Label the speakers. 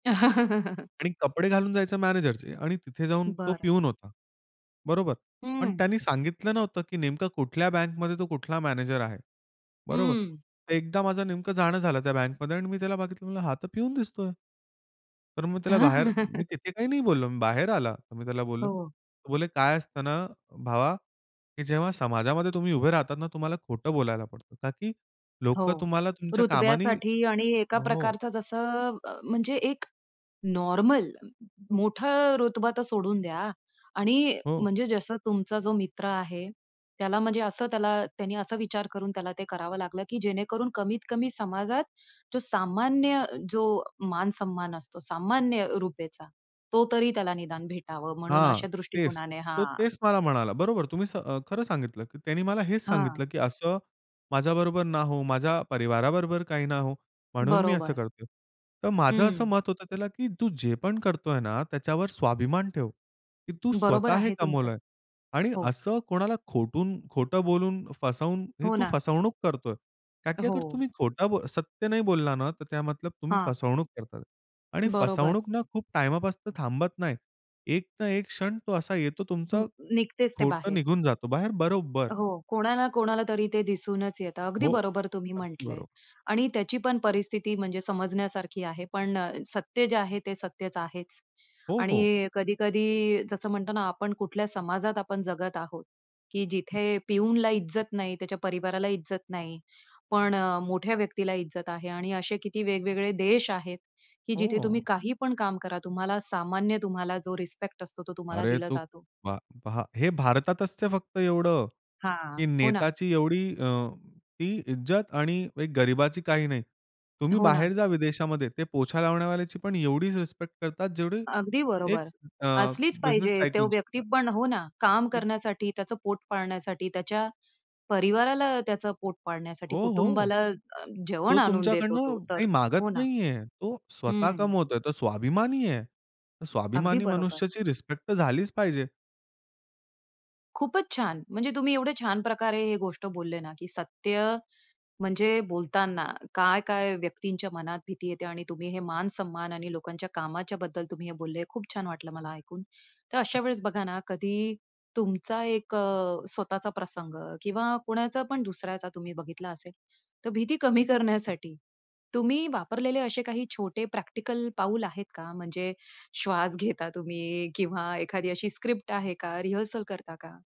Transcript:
Speaker 1: आणि कपडे घालून जायचं मॅनेजरचे आणि तिथे जाऊन तो
Speaker 2: बरं.
Speaker 1: पिऊन होता. बरोबर. पण
Speaker 2: हं.
Speaker 1: त्यानी सांगितलं नव्हतं की नेमकं कुठल्या बँकमध्ये तो कुठला मॅनेजर आहे. बरोबर.
Speaker 2: हं.
Speaker 1: एकदा माझं नेमकं जाणं झालं त्या बँकमध्ये आणि मी त्याला बघितलं. म्हणलं, "हा तर पिऊन दिसतोय". तर मग त्याला बाहेर मी तिथे काही नाही बोललो. मी बाहेर आला. तर मी त्याला बोललो.
Speaker 2: हो.
Speaker 1: तो बोले, "काय असतं ना भावा की जेव्हा समाजामध्ये तुम्ही उभे राहतात ना तुम्हाला खोटं बोलायला पडतं. कारण की
Speaker 2: हो,
Speaker 1: लोकं तुम्हाला तुमच्या कामाने"
Speaker 2: रुतब्यासाठी आणि एका
Speaker 1: हो.
Speaker 2: प्रकारचं जसं अ, म म्हणजे एक नॉर्मल मोठा रुतबा तर सोडून द्या. आणि
Speaker 1: हो.
Speaker 2: म्हणजे जसं तुमचा जो मित्र आहे त्याला म्हणजे असं त्याला त्यांनी असा विचार करून त्याला ते करावं लागलं की जेणेकरून कमीत कमी समाजात जो सामान्य जो मान सम्मान असतो, सामान्य रुपेचा, तो तरी त्याला निदान भेटावं, म्हणून
Speaker 1: हां,
Speaker 2: अशा
Speaker 1: तेच.
Speaker 2: दृष्टिकोनाने
Speaker 1: तो
Speaker 2: हां.
Speaker 1: तेच मला म्हणाला. बरोबर, तुम्ही स अ, खरं सांगितलं की त्यानी मला हेच
Speaker 2: हां.
Speaker 1: सांगितलं, "की असं माझ्याबरोबर ना हो, माझ्या परिवाराबरोबर काही ना हो, म्हणून मी असं
Speaker 2: बरोबर.
Speaker 1: करतोय". तर माझं असं
Speaker 2: हं.
Speaker 1: मत होतं त्याला की तू जे पण करतोय ना, त्याच्यावर स्वाभिमान ठेव की तू
Speaker 2: बरोबर
Speaker 1: स्वतः हे
Speaker 2: आहे तुमचं.
Speaker 1: कमवलंय आणि
Speaker 2: हो.
Speaker 1: असं कोणाला खोटून खोटं बोलून फसवून ही
Speaker 2: हो
Speaker 1: तू
Speaker 2: ना.
Speaker 1: फसवणूक करतोय कारण की अगर
Speaker 2: हो.
Speaker 1: तुम्ही खोटा बो सत्य नाही बोलला ना, तर त्या मतलब तुम्ही
Speaker 2: हां.
Speaker 1: फसवणूक करतात आणि
Speaker 2: बरोबर.
Speaker 1: फसवणूक ना खूप टाईमपासून तर थांबत नाही. एक ना एक क्षण तो असा येतो
Speaker 2: अं,
Speaker 1: तुमचं
Speaker 2: निघतेच ते
Speaker 1: खोटं
Speaker 2: बाहेर.
Speaker 1: निघून जातो बाहेर बरोबर.
Speaker 2: हो, कोणाला, कोणाला तरी ते दिसूनच येतं. अगदी
Speaker 1: हो,
Speaker 2: बरोबर तुम्ही
Speaker 1: अगदी
Speaker 2: म्हटलंय
Speaker 1: बरोबर.
Speaker 2: आणि त्याची पण परिस्थिती म्हणजे समजण्यासारखी आहे. पण अ, सत्य जे आहे ते सत्यच आहेच.
Speaker 1: हो, हो.
Speaker 2: आणि कधी-कधी जसं म्हणतो ना आपण कुठल्या समाजात आपण जगत आहोत की जिथे पिऊनला इज्जत नाही, त्याच्या परिवाराला इज्जत नाही, पण अ, मोठ्या व्यक्तीला इज्जत आहे आणि असे किती वेगवेगळे देश आहेत की जिथे
Speaker 1: हो.
Speaker 2: तुम्ही काही पण काम करा, तुम्हाला सामान्य तुम्हाला जो रिस्पेक्ट असतो, तो तुम्हाला
Speaker 1: अरे,
Speaker 2: दिला
Speaker 1: तू
Speaker 2: जातो.
Speaker 1: पहा पहा हे भारतातच ते फक्त एवढं
Speaker 2: हां,
Speaker 1: की
Speaker 2: हो ना.
Speaker 1: नेताची एवढी अ, ती इज्जत आणि एक गरिबाची काही नाही. तुम्ही
Speaker 2: हो ना.
Speaker 1: बाहेर जा विदेशामध्ये. ते पोछा लावण्यावाल्याची पण एवढीच रिस्पेक्ट करतात जेवढी
Speaker 2: अगदी
Speaker 1: एक
Speaker 2: बरोबर
Speaker 1: अ,
Speaker 2: असलीच
Speaker 1: बिझनेस
Speaker 2: पाहिजे. तो
Speaker 1: टायकूनची
Speaker 2: व्यक्ती
Speaker 1: करतात.
Speaker 2: पण हो ना, काम करण्यासाठी, त्याचं पोट पाळण्यासाठी, त्याच्या परिवाराला त्याचं पोट पाळण्यासाठी,
Speaker 1: हो, हो.
Speaker 2: कुटुंबाला अ, जेवण
Speaker 1: तो
Speaker 2: आणून देतो तो,
Speaker 1: तुमच्याकडनं
Speaker 2: तर
Speaker 1: काही मागत
Speaker 2: हो ना.
Speaker 1: नाहीये. तो स्वतः
Speaker 2: हं.
Speaker 1: कमवतोय. तो स्वाभिमानी आहे.
Speaker 2: अगदी
Speaker 1: स्वाभिमानी
Speaker 2: बरोबर.
Speaker 1: मनुष्याची रिस्पेक्ट तर झालीच पाहिजे.
Speaker 2: खूपच छान. म्हणजे तुम्ही एवढे छान प्रकारे हे गोष्ट बोलले ना की सत्य, म्हणजे बोलताना काय-काय व्यक्तींच्या मनात भीती येते आणि तुम्ही हे मान सम्मान आणि लोकांच्या कामाच्याबद्दल तुम्ही बोलले खूप छान वाटलं मला ऐकून. तर अशा वेळेस बघा ना कधी तुमचा एक अ, स्वतःचा प्रसंग किंवा कोणाचा पण दुसऱ्याचा तुम्ही बघितला असेल, तर भीती कमी करण्यासाठी तुम्ही वापरलेले असे काही छोटे, प्रॅक्टिकल पाऊल आहेत का? म्हणजे श्वास घेता तुम्ही किंवा एखादी अशी स्क्रिप्ट आहे का? रिहर्सल करता का?